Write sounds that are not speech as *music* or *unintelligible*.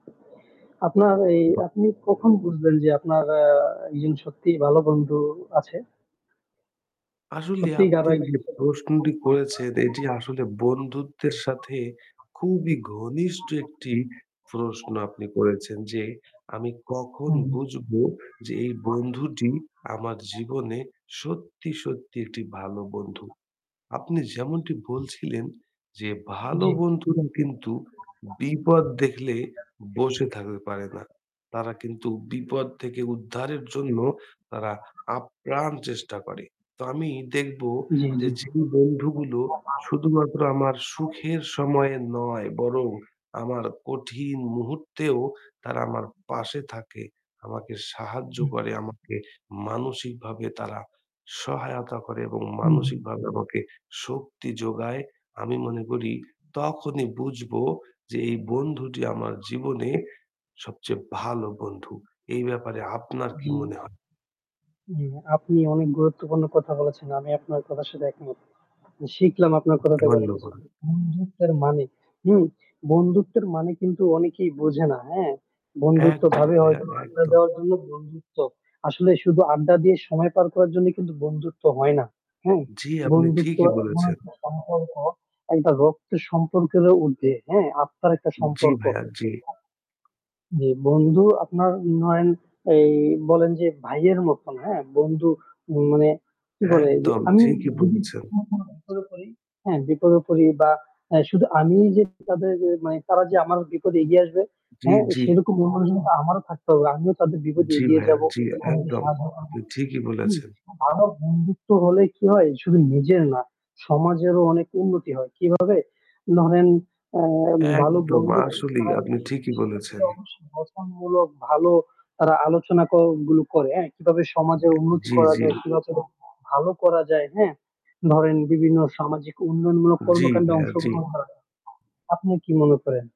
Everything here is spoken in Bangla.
আপনার এই বাহ! আপনি কখন বুঝবেন যে আপনার আ একজন সত্যিই ভালো বন্ধু আছে? আসলে সত্যিই আপনি যে *unintelligible* প্রশ্নটি করেছেন এটি আসলে বন্ধুত্বের সাথে খুবই ঘনিষ্ঠ একটি প্রশ্ন আপনি করেছেন যে আমি কখন হুম, হুম। বুঝব যে এই বন্ধুটি আমার জীবনে সত্যি, সত্যি একটি ভালো বন্ধু। আপনি যেমনটি বলছিলেন যে ভালো জি, জি। বন্ধুরা কিন্তু বিপদ দেখলে বসে থাকতে পারে না, তারা কিন্তু বিপদ থেকে উদ্ধারের জন্য তারা আপ্রাণ চেষ্টা করে। তো আমি দেখব জি, যে জি। যে বন্ধুগুলো শুধুমাত্র আমার সুখের সময়ে নয় বরং আমার কঠিন মুহূর্তেও তারা আমার পাশে থাকে, আমাকে সাহায্য হুম। করে, আমাকে মানসিক ভাবে তারা সহায়তা করে এবং হু, মানসিক হু। ভাবে আমাকে শক্তি যোগায়। আমি মনে করি তখনই বুঝব যে এই বন্ধুটি আমার জীবনে সবচেয়ে ভালো বন্ধু। এই ব্যাপারে আপনার কি জি। মনে হয়? উম আপনি অনেক গুরুত্বপূর্ণ কথা বলেছেন। আমি আপনার কথার সাথে একমত। শিখলাম আপনার কথা থেকে অনেক কিছু। ধন্যবাদ। বন্ধুত্বের মানে হু? বন্ধুত্বের মানে কিন্তু অনেকেই বোঝে না। হ্যাঁ? একদম বন্ধুত্বভাবে ভাইয়া, হয়তো আড্ডা একদম। দেওয়ার জন্য বন্ধুত্ব। আসলে শুধু আড্ডা দিয়ে সময় পার করার জন্য কিন্তু বন্ধুত্ব হয় না। হ্যাঁ? জি, আপনি বন্ধুত্ব ঠিকই এমন বলেছেন। একটা সম্পর্ক একটা রক্তের সম্পর্কেরও উর্ধে, হ্যাঁ? আত্মার একটা জি সম্পর্ক। ভাইয়া, জি। যে বন্ধু আপনার নয়ন এই বলেন যে ভাইয়ের মতন হ্যাঁ? বন্ধু মানে কি বলে যে একদম আমি ঠিকই যদি বলেছেন। কোথাও কোনো বিপদে পড়ি হ্যাঁ? বিপদে পড়ি বা অ্যা শুধু আমি যে তাদের মানে তারা যে আমার বিপদে এগিয়ে আসবে জি, হ্যাঁ? জি। সেরকম মন-মানসিকতা আমারও থাকতে হবে। আমিও তাদের বিপদে জি এগিয়ে ভাইয়া, যাবো। জি, বন্ধুকে একদম। সাহায্য করবো, আপনি ঠিকই হুম, বলেছেন। ভালো বন্ধুত্ব হলে কি হয় শুধু নিজের না, সমাজেরও অনেক উন্নতি হয়। কিভাবে? ধরেন ভালো একদম বন্ধু আসলেই আপনি ঠিকই *unintelligible* বলেছেন। অবশ্যই গঠনমূলক ভালো তারা আলোচনা ক গুলো করে। হ্যাঁ কিভাবে সমাজের উন্নতি জি, করা জি। যায়, কিভাবে ভালো করা যায়, হ্যাঁ? ধরেন বিভিন্ন সামাজিক উন্নয়নমূলক জি কর্মকান্ডে ভাইয়া, জি। অংশগ্রহণ করা যায়। আপনি কি মনে করেন?